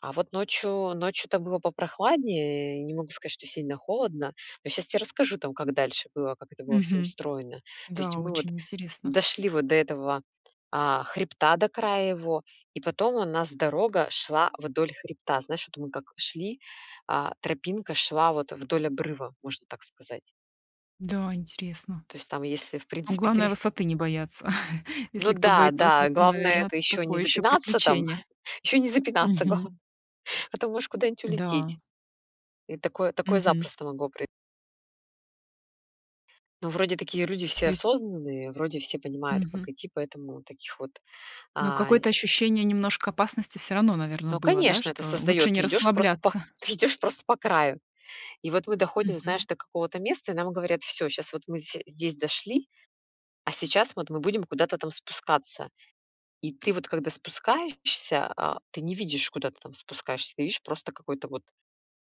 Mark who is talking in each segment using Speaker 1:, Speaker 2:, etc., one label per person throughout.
Speaker 1: А вот ночью, ночью-то было попрохладнее, не могу сказать, что сильно холодно, но щас те расскажу там, как дальше было, как это было всё
Speaker 2: Мгм.
Speaker 1: устроено. То есть
Speaker 2: Да,
Speaker 1: мы вот
Speaker 2: очень интересно.
Speaker 1: дошли вот до этого, а, хребта, до края его, и потом у нас дорога шла вдоль хребта. Знаешь, вот мы как шли, а тропинка шла вот, э, вдоль обрыва, можно так сказать.
Speaker 2: Да, интересно.
Speaker 1: То есть там, если, в
Speaker 2: Ну,
Speaker 1: принципе,
Speaker 2: главное
Speaker 1: ты
Speaker 2: высоты не бояться.
Speaker 1: Ну
Speaker 2: Если кто
Speaker 1: да,
Speaker 2: боится
Speaker 1: да,
Speaker 2: высоты,
Speaker 1: главное-
Speaker 2: наверно,
Speaker 1: это ещё не
Speaker 2: такое ещё
Speaker 1: запинаться там,
Speaker 2: приключение.
Speaker 1: ещё не запинаться
Speaker 2: Мгм.
Speaker 1: главное, а то можешь куда-нибудь
Speaker 2: Да.
Speaker 1: улететь. И такое такое
Speaker 2: Мгм.
Speaker 1: запросто могло прои Ну, вроде такие люди все
Speaker 2: То есть
Speaker 1: осознанные, вроде все понимают, как
Speaker 2: Мгм.
Speaker 1: идти, поэтому таких вот,
Speaker 2: Но
Speaker 1: а, нь
Speaker 2: какое-то ощущение немножко опасности всё равно, наверное,
Speaker 1: Ну,
Speaker 2: было, да,
Speaker 1: конечно, это
Speaker 2: что лучше
Speaker 1: создаёт ты
Speaker 2: не
Speaker 1: идёшь просто пох
Speaker 2: расслабляться?
Speaker 1: ф идешь просто по краю. И вот мы доходим, знаешь,
Speaker 2: Мгм.
Speaker 1: до какого-то места, и нам говорят: "Всё, щас вот мы все здесь дошли, а сейчас вот мы будем куда-то там спускаться". И ты вот когда спускаешься, а ты не видишь, куда ты там спускаешься, ты видишь, просто какой-то вот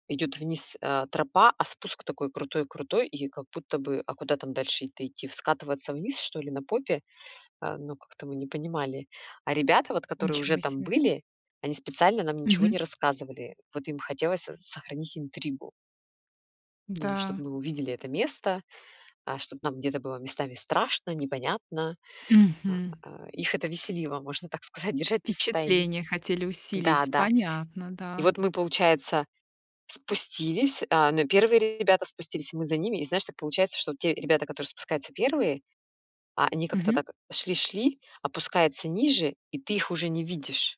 Speaker 1: идёт вниз, э, тропа, а спуск такой крутой крутой, и как будто бы, а куда там дальше-то идти? В скатываться вниз что ли на попе? А, ну, как-то мы не понимали. А ребята, вот которые уже
Speaker 2: Ничего
Speaker 1: там
Speaker 2: себе.
Speaker 1: были, они специально нам ничего
Speaker 2: Мгм.
Speaker 1: не рассказывали. Вот им хотелось со сохранить интригу. Ну,
Speaker 2: М-да.
Speaker 1: чтобы мы увидели это место, а, чтоб нам где-то было местами страшно, непонятно. А
Speaker 2: Мгм.
Speaker 1: а а, их это веселило, можно так сказать, держать нас тайи
Speaker 2: Впечатления хотели
Speaker 1: Да,
Speaker 2: усилить.
Speaker 1: да.
Speaker 2: Понятно,
Speaker 1: И
Speaker 2: да.
Speaker 1: вот мы, получается, спустились, а, но первые ребята спустились, и мы за ними. И знаешь, так получается, что те ребята, которые спускаются первые, а, они как-то
Speaker 2: Мгм.
Speaker 1: так шли шли, опускаются ниже, и ты их уже не видишь.